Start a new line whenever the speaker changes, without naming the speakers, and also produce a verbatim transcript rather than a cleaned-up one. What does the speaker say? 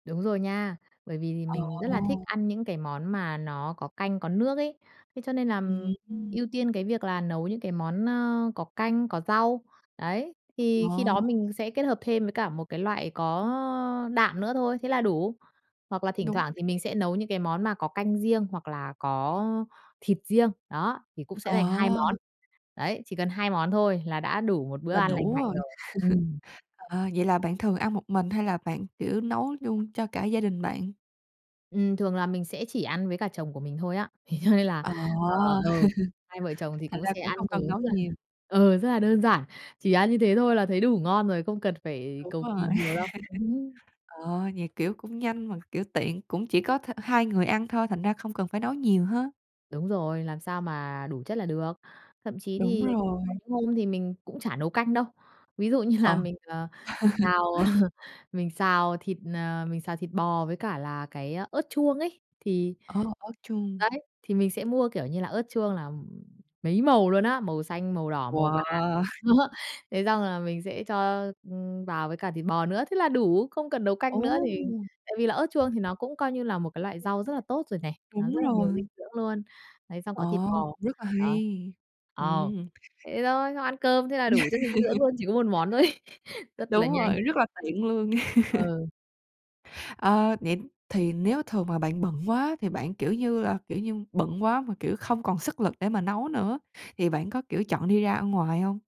Đúng rồi nha, bởi vì thì
Ờ.
mình rất là thích ăn những cái món mà nó có canh có nước ấy. Thế cho nên
Ừm
làm
hưm.
ưu tiên cái việc là nấu những cái món, ơ, có canh, có rau, đấy, thì khi đó
Ờ.
mình sẽ kết hợp thêm với cả một cái loại có đạm nữa thôi, thế là đủ. Hoặc là thỉnh
Đúng
thoảng thì mình
thiệt.
sẽ nấu những cái món mà có canh riêng hoặc là có thịt riêng, đó, thì cũng sẽ thành hai
Ờ.
món. Đấy, chỉ cần hai món thôi là đã đủ một bữa
Là
ăn lành
đủ
mạnh
rồi.
rồi. Ừm.
Ờ, vậy là bạn thường ăn một mình hay là bạn, kiểu, nấu duôn cho cả gia đình bạn?
Ừm, thường là mình sẽ chỉ ăn với cả chồng của mình thôi á. Thế cho nên là
Ờ,
ờ, ờ, hai vợ chồng thì
thành
cũng
ra
sẽ
cũng
ăn
hông cần
ứ
nấu
mà
nhiều.
ờ, rất là đơn giản, chỉ ăn như thế thôi là thấy đủ ngon rồi, không cần phải
Đúng
cầu kỳ
rồi.
nhiều đâu.
Ờ, vậy, kiểu, cũng nhanh mà, kiểu, tiện cũng chỉ có th hai người ăn thôi, thành ra không cần phải nấu nhiều ha.
Đúng rồi, làm sao mà đủ chất là được. Thậm chí
Đúng
thì có
rồi.
hôm thì mình cũng chả nấu canh đâu. Ví dụ như là
Ờ.
mình, ờ, xào, ờ, mình xào thịt, ờ, mình xào thịt bò với cả là cái ớt chuông ấy thì
Ờ, ớt chuông.
đấy, thì mình sẽ mua, kiểu như là, ớt chuông là, ừm, mấy màu luôn á, màu xanh, màu đỏ, màu vàng,
Wow!
đó. Thế xong là mình sẽ cho, ưm, vào với cả thịt bò nữa, thế là đủ, không cần nấu
Ồ!
canh nữa thì tại vì là ớt chuông thì nó cũng, coi như là, một cái loại rau rất là tốt rồi này, nó
Đúng
rất là nhiều dinh
rồi.
dưỡng luôn. Đấy, xong có thịt
Ồ,
bò.
rất là
Đó.
hay.
Ờ.
Ừm.
Thế thôi, xong ăn cơm thế là đủ chất dinh dưỡng luôn, chỉ có một món thôi ấy. Rất là
Đúng
nhanh.
rồi, rất là tiện luôn.
Ờ.
Ờ, vậy thì nếu thường mà bạn bận quá thì bạn, kiểu như là, kiểu như, bận quá mà, kiểu, không còn sức lực để mà nấu nữa thì bạn có, kiểu, chọn đi ra ăn ngoài hông?